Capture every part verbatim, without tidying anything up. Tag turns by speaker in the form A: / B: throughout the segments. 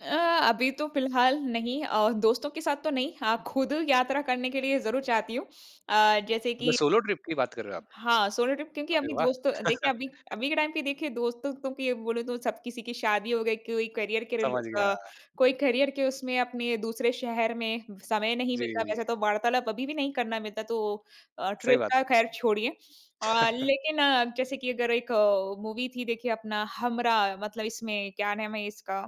A: अ, अभी तो फिलहाल नहीं अ, दोस्तों के साथ तो नहीं, हाँ खुद यात्रा करने के लिए ज़रूर चाहती हूँ अ, जैसे
B: म
A: कि
B: सोलो ट्रिप की बात कर रहे हो आप?
A: हाँ, सोलो ट्रिप क्योंकि
B: अरे
A: अभी
B: वाह!
A: दोस्तों देखिए अभी अभी के टाइम पे देखिए दोस्तों-वोस्तों के बोलूँ तो सब किसी की शादी हो गई, कोई करियर के रिले
B: समझ गया।
A: अ, कोई करियर के उसमें अपने दूसरे शहर में समय नहीं मिलता। वैसे
B: जी।
A: तो वार्तालाप अभी भी नहीं करना मिलता तो अ,
B: सही
A: ट्रिप
B: बात
A: का
B: है।
A: खैर छोड़िए। अ, लेकिन अ, अब जैसे कि अगर एक अ, मूवी थी देखिए अपना हमराह मतलब इसमें क्या नाम है, इसका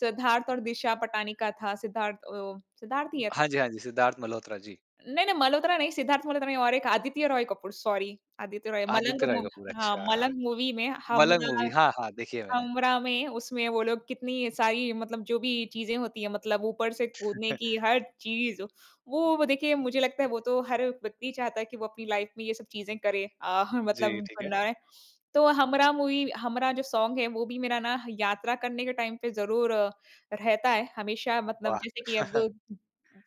A: सिद्धार्थ और दिशा पटानी का था, सिद्धार्थ अ, सिद्धार्थ ही है ना?
B: हाँ जी, हाँ जी, सिद्धार्थ मल्होत्रा, जी।
A: नहीं, नहीं मल्होत्रा नहीं, सिद्धार्थ मल्होत्रा नहीं और एक आदित्य रॉय कपूर, सॉरी आदित्य रॉय, मलंग
B: आदित्य रॉय
A: मूवी
B: कपूर,
A: हाँ,
B: अच्छा।
A: मलंग मूवी में
B: मलंग मूवी
A: हमराह
B: हाँ, हाँ, देखी है मैंने।
A: हमराह में उसमें वो लोग कितनी सारी मतलब जो भी चीज़ें होती हैं, मतलब ऊपर से कूदने की हर चीज़, वो ब देखिए मुझे लगता है वो तो हर व्यक्ति चाहता है कि वो अपनी लाइफ में ये सब चीज़े करे अ, ह मतलब
B: जी, ठीक है।
A: बनाए। तो हमराह मूवी हमराह जो सॉन्ग है, वो भी मेरा ना यात्रा करने के टाइम पे ज़रूर अ, रहता है। हमेशा मतलब
B: वाह!
A: जैसे कि अब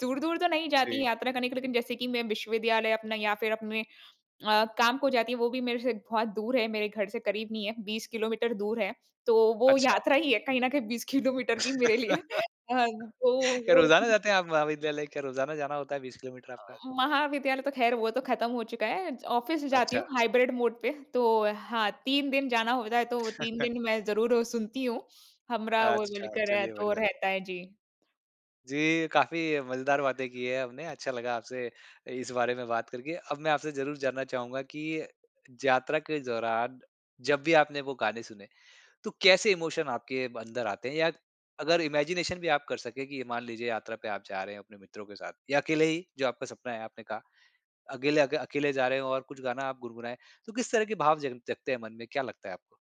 A: दूर-दूर तो नहीं जाती,
B: जी।
A: यात्रा करने के लिए लेकिन जैसे कि मैं विश्वविद्यालय अपने या फिर अपने अ, काम को जाती हूँ, वो भी मेरे से बहुत दूर है, मेरे घर से करीब नहीं है, बीस किलोमीटर दूर है, तो वो
B: अच्छा।
A: यात्रा ही है कहीं न कहीं बीस किलोमीटर भी मेरे लिए। हाँ तो
B: क्या
A: वो
B: रोजाना जाते हैं आप महाविद्यालय, क्या रोजाना जाना होता है बीस किलोमीटर
A: अ,
B: आपका?
A: महाविद्यालय तो खैर वो तो खत्म हो चुका है, ऑफिस जाती
B: अच्छा।
A: हूँ हाइब्रिड मोड पे, तो अ, हाँ, तीन दिन जाना होता है, तो तीन दिन मैं ज़रूर ओ सुनती हूँ। हमराह वो
B: अच्छा,
A: बोलकर है,
B: चलिए
A: तो
B: बढ़िया।
A: रहता है, जी।
B: जी, काफ़ी मजेदार बातें की हैं हमने अच्छा लगा आपसे इ इस बारे में बात करके। अब मैं आपसे ज़रूर जानना चाहूँगा कि जात्रा के दौरान जब भी आपने वो गाने सुने, तो कैसे इमोशन आपके अंदर आते हैं या अगर इमेजिनेशन भी आप कर सकें, कि ये मान लीजिए यात्रा पे आप जा रहे हैं, अपने मित्रों के साथ या अकेले ही, जो आपका सपना है आपने कहा। अकेले अ, अकेले जा रहे हो और कुछ गाना आप गुनगुनाएँ, तो किस तरह के भाव जग जगते हैं मन में क्या लगता है आपको?